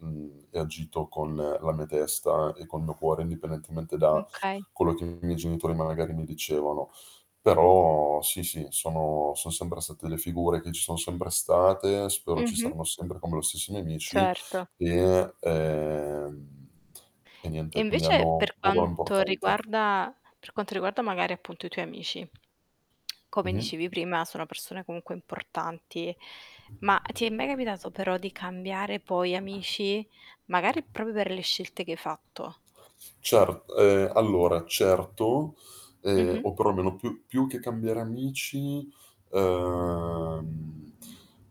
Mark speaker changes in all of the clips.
Speaker 1: Mhmm, e ho agito con la mia testa e col mio cuore, indipendentemente
Speaker 2: Mh,
Speaker 1: da
Speaker 2: okay.
Speaker 1: quello che i miei genitori, magari, mi dicevano. Però, sì, sì, sono son sempre state delle figure che ci son sempre state, spero ci
Speaker 2: Mh-mh.
Speaker 1: saranno sempre, come lo stesso i mie amici,
Speaker 2: Certo.
Speaker 1: e ehm, e
Speaker 2: E
Speaker 1: niente, quindi
Speaker 2: invece,
Speaker 1: hanno un
Speaker 2: per
Speaker 1: ruolo
Speaker 2: quanto
Speaker 1: importante.
Speaker 2: riguarda per quanto riguarda, magari, appunto, i tuoi amici, come
Speaker 1: Mh-mh.
Speaker 2: dicevi, sono persone comunque importanti, ma ti è mai capitato però di cambiare, poi, amici? Magari proprio per le scelte che hai fatto.
Speaker 1: Cer ehm, allora, certo. Ehm,
Speaker 2: Mh-mh.
Speaker 1: o perlomeno più più che cambiare amici ehm,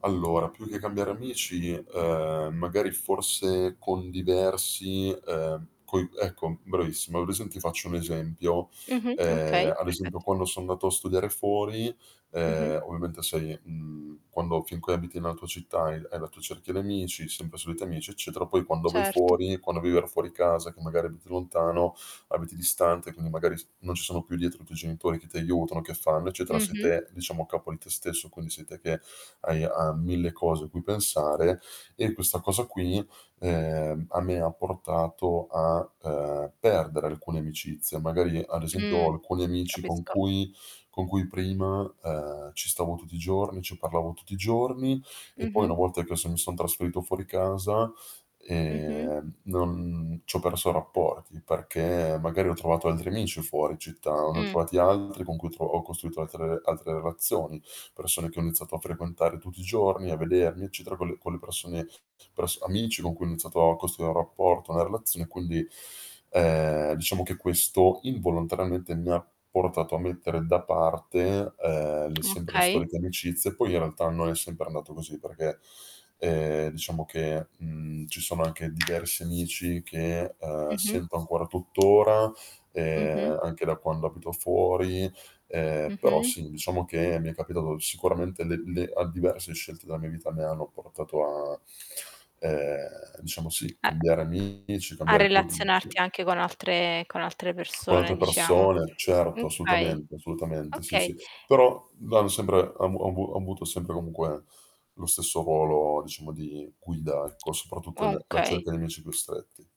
Speaker 1: allora più che cambiare amici, ehm, magari forse con diversi ehm, coi ecco, mh, bravissimo. Hai presente ti faccio un esempio:
Speaker 2: Mh-mh.
Speaker 1: ehm,
Speaker 2: Okay.
Speaker 1: ad
Speaker 2: Perfetto.
Speaker 1: esempio, quando son andato a studiare fuori,
Speaker 2: Mh-mh.
Speaker 1: ehm, ovviamente sei mhmm, quando finchè abiti nella tua città e hai la tua cerchia di amici, sempre soliti amici, eccetera, poi quando vai
Speaker 2: Certo.
Speaker 1: fuori, quando vivere fuori casa che magari abiti lontano, abiti distante, quindi magari f non ci sono più dietro i tuoi genitori che ti aiutano, che fanno, eccetera, sei
Speaker 2: Mh-mh.
Speaker 1: te, diciamo a capo di te stesso, quindi sei te che hai, uhm, 1000 cose a cui pensare; e questa cosa qui, ehm, a me ha portato a, ehm, perdere alcune amicizie. Magari ad esempio, ho
Speaker 2: Mhmm.
Speaker 1: alcuni amici con
Speaker 2: Capisco.
Speaker 1: cui con cui prima, ehm, ci stavo tutti i giorni, ci parlavo tutti i giorni, e poi una
Speaker 2: Mh-mh.
Speaker 1: volta che son mi son trasferito fuori casa,
Speaker 2: Mh-mh.
Speaker 1: ehm, non c'ho perso rapporti, perché magari ho trovato altri amici fuori città, ne ho
Speaker 2: Mh.
Speaker 1: trovati altri con cui ho tro ho costruito altre altre relazioni, persone che ho iniziato a frequentare tutti i giorni, a vedermi, eccetera, con le con le persone pers amici con cui ho iniziato a costruire un rapporto, una relazio e quindi, ehm, diciamo che questo, involontariamente, mi ha portato a mettere da parte, ehm, le sempre le
Speaker 2: Okay.
Speaker 1: storiche amicizie. Poi, in realtà, non sempre è andato così perché, ehm, diciamo che, mhmm, ci sono anche diversi amici che, ehm,
Speaker 2: Mh-mh.
Speaker 1: sento ancora tuttora,
Speaker 2: Mh-mh.
Speaker 1: ehm, anche da quando abito fuori; ehm, però
Speaker 2: Mh-mh.
Speaker 1: sì, diciamo che mi è capitato sicuramente le le a diverse scelte della mia vita mi hanno portato a, ehm, diciamo sì,
Speaker 2: E
Speaker 1: cambiare amici,
Speaker 2: A
Speaker 1: cambiare quelli
Speaker 2: relazionarti
Speaker 1: intimi.
Speaker 2: anche con altre con altre
Speaker 1: Con
Speaker 2: persone,
Speaker 1: altre
Speaker 2: diciamo.
Speaker 1: persone,
Speaker 2: Mh,
Speaker 1: certo,
Speaker 2: okay.
Speaker 1: assolutamente, assolutamente. Sì,
Speaker 2: Okay.
Speaker 1: sì. Però, vado sempre ha avu ho avu ho avuto sempre, comunque, lo stesso ruolo, diciamo, di guida, ecco, soprattutto l la
Speaker 2: Okay.
Speaker 1: cerchia di amici più stretti.